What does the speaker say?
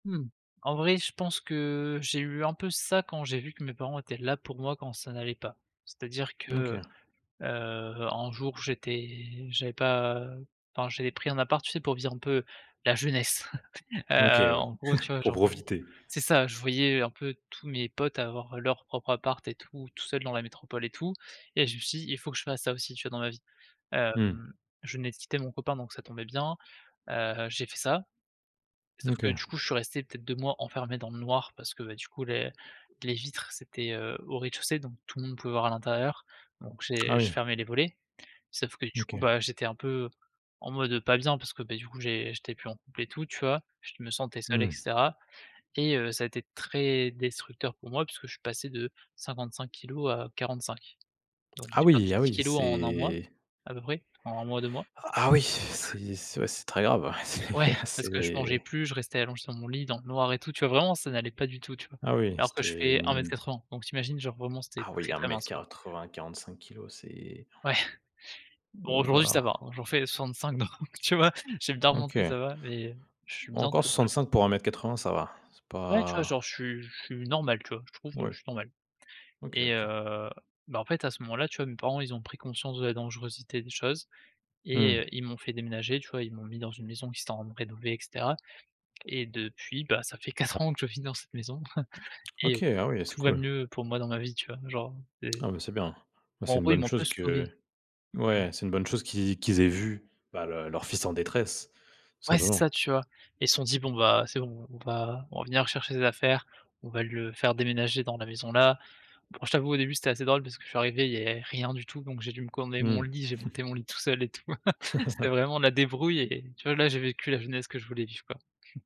Mmh. En vrai je pense que j'ai eu un peu ça quand j'ai vu que mes parents étaient là pour moi quand ça n'allait pas. C'est-à-dire que, OK. heu, un jour, j'étais j'avais pas enfin j'avais pris un appart, tu sais, pour vivre un peu la jeunesse. Heu, OK, ouais, en gros, tu vois pour genre, heu, profiter. c'est ça, je voyais un peu tous mes potes avoir leur propre appart et tout, tout seul dans la métropole et tout, et je me suis dit: «Il faut que je fasse ça aussi, tu vois, dans ma vie». Mmh. Hem, je venais de quitter mon copain donc ça tombait bien, heu, j'ai fait ça. Sauf que, OK. du coup, je suis resté peut-être 2 mois enfermé dans le noir parce que, beh, du coup, les les vitres c'était, heu, au rez-de-chaussée donc tout le monde pouvait voir à l'intérieur donc Ah j'ai je oui. fermais les volets. Sauf que, du coup, OK. bah, j'étais un peu, en mode, heu, pas bien parce que, beh, du coup, j'ai j'étais plus en couple et tout, tu vois, je me sentais seul et Mmh. cetera. Et heu, ça a été très destructeur pour moi puisque je suis passé de 55 kilogrammes à 45. Donc Ah j'ai oui, perdu ah 10 oui, kilogrammes en 1 mois c'est à peu près, en 1 mois, 2 mois. A ah oui! C'est c'est ouais c'est très grave, ouais, c'est Ouais ah parce que je mangeais c'est plus, je restais allongé sur mon lit dans le noir et tout, tu vois, vraiment ça n'allait pas du tout, tu vois. Ah oui, Alors que je c'était fais un mètre une quatre-vingt, donc tu imagines, genre, vraiment, c'était Ah oui, très, un très mètre mince, quoi. quatre-vingt, 45 kilogrammes, c'est Ouais. Bon, oh là aujourd'hui ça là. va, hein, j'en fais 65 donc tu vois, j'ai bien remonté OK. ça va, mais je suis Bon, bien, encore tu vois [unintelligible] 65 pour 1 m 80 ça va, c'est Ouais, tu vois, pas genre, je suis je suis normal, tu vois, je trouve, heu, je Ouais. suis normal. OK, Et OK. heu, bah, en fait, à ce moment-là, tu vois, mes parents, ils ont pris conscience de la dangerosité des choses et heu, Mmh. ils m'ont fait déménager, tu vois, ils m'ont mis dans une maison qu'ils étaient en train de rénover et cetera. Et depuis, bah, ça fait 4 ans que je vis dans cette maison et heu, OK, ah oui, c'est tout va cool. mieux pour moi dans ma vie, tu vois, genre et Ah bah, c'est bien. Bah, bon, c'est en une gros, ils bonne m'ont un peu chose que sauvé. Mmh. ouais, c'est une bonne chose qu'ils qu'ils aient vu, bah, leur leur fils en détresse, Ouais c'est ça, simplement. tu vois. Et ils se sont dit: «Bon, bah, c'est bon, on va revenir chercher ses affaires, on va le faire déménager dans la maison, là». Bon, je t'avoue, au début, c'était assez drôle parce que je suis arrivé, il y avait rien du tout, donc j'ai dû me commander mon Mmh. lit, j'ai monté mon lit tout seul et tout. C'était vraiment la débrouille et tu vois, là, j'ai vécu la jeunesse que je voulais vivre, quoi.